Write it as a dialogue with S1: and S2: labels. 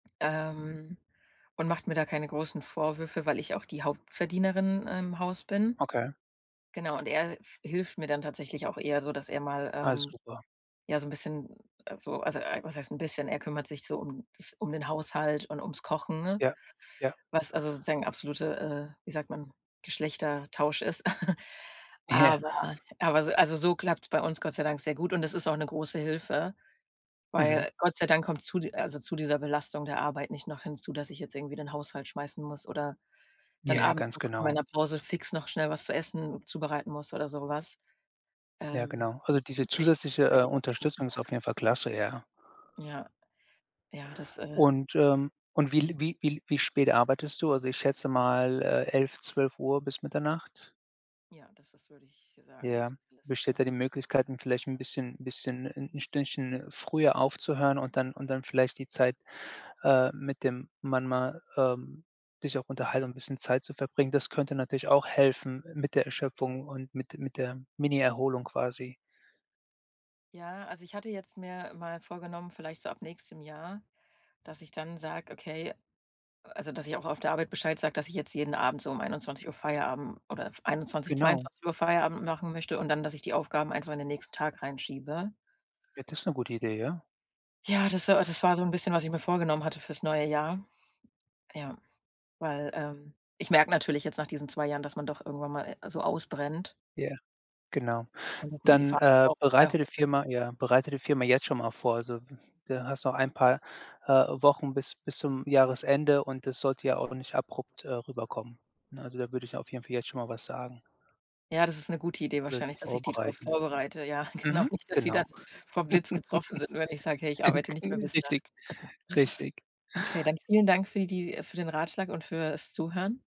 S1: Ähm, und macht mir da keine großen Vorwürfe, weil ich auch die Hauptverdienerin im Haus bin.
S2: Okay.
S1: Genau, und er f hilft mir dann tatsächlich auch eher so, dass er mal,
S2: Alles
S1: ähm,
S2: super.
S1: ja, so 'n bisschen also also, ei was heißt 'n bisschen, er kümmert sich so um das um den Haushalt und ums Kochen, ne,
S2: Ja, ja.
S1: was also, sozusagen absolute, äh, wie sagt man, Geschlechtertausch ist.
S2: Ja.
S1: Aber aber so also, so klappt's bei uns Gott sei Dank sehr gut und es ist auch 'ne große Hilfe,
S2: Mhm.
S1: weil Gott sei Dank kommt zu di also, zu dieser Belastung der Arbeit nicht noch hinzu, dass ich jetzt irgendwie den Haushalt schmeißen muss oder
S2: Ja,
S1: dann
S2: ja,
S1: abends
S2: ganz
S1: noch in
S2: genau.
S1: meiner Pause fix noch schnell was zu essen zubereiten muss oder so was.
S2: Ja,
S1: Ähm,
S2: genau. Also, diese
S1: nicht,
S2: zusätzliche, äh,
S1: halt die.
S2: Unterstützung ist auf
S1: [unintelligible]
S2: jeden Fall klasse, ja.
S1: Ja. Ja, das äh
S2: Und, ähm und wie l wie wie wie spät arbeitest du? Also, ich schätze mal, äh, 11:00, 12:00 bis Mitternacht?
S1: Ja, das das würde ich sagen,
S2: Ja,
S1: so viel ist
S2: besteht
S1: scher
S2: da die Möglichkeit 'n vielleicht 'n bisschen bisschen 'n Stündchen früher aufzuhören und dann und dann vielleicht die Zeit, äh, mit dem Mann mal ähm, sich auch unterhalten und 'n bisschen Zeit zu verbringen. Das könnte natürlich auch helfen mit der Erschöpfung und mit mit der Mini-Erholung quasi.
S1: Ja, also, ich hatte jetzt mir mal vorgenommen, vielleicht so ab nächstem Jahr, dass ich dann sage: „Okay“ also, dass ich auch auf der Arbeit Bescheid sage, dass ich jetzt jeden Abend so um 21:00 Feierabend oder f 21:00,
S2: Genau.
S1: 22:00 Feierabend machen möchte und dann, dass ich die Aufgaben einfach in den nächsten Tag reinschiebe.
S2: Ja, das ist 'ne gute Idee, ja?
S1: Ja, das war a das war so 'n bisschen, was ich mir vorgenommen hatte fürs neue Jahr. Ja, weil, ähm, ich merke natürlich jetzt nach diesen 2 Jahren, dass man doch irgendwann mal, also, ausbrennt.
S2: Ja, genau,
S1: Und dass man die
S2: dann, äh,
S1: Verantwortung.
S2: bereite die
S1: [unintelligible]
S2: Firma ja, bereite die Firma jetzt schon mal vor. Also, da hast du noch ein paar, äh, Wochen bis bis zum Jahresende und das sollte ja auch nicht abrupt, äh, rüberkommen. Ne, also, da würde ich auf jeden Fall jetzt schon mal was sagen.
S1: Ja, das ist 'ne gute Idee
S2: Oder sie
S1: wahrscheinlich, dass ich die drauf
S2: vorbereiten.
S1: vorbereite, ja, genau,
S2: Mhm.
S1: nicht, dass sie dann
S2: Genau.
S1: vom Blitz getroffen sind, nur wenn ich sage: „Hey, ich arbeite nicht mehr
S2: Enkel,
S1: bis
S2: richtig,
S1: nachts.“
S2: richtig.
S1: Okay, dann vielen Dank für die für den Ratschlag und fürs Zuhören.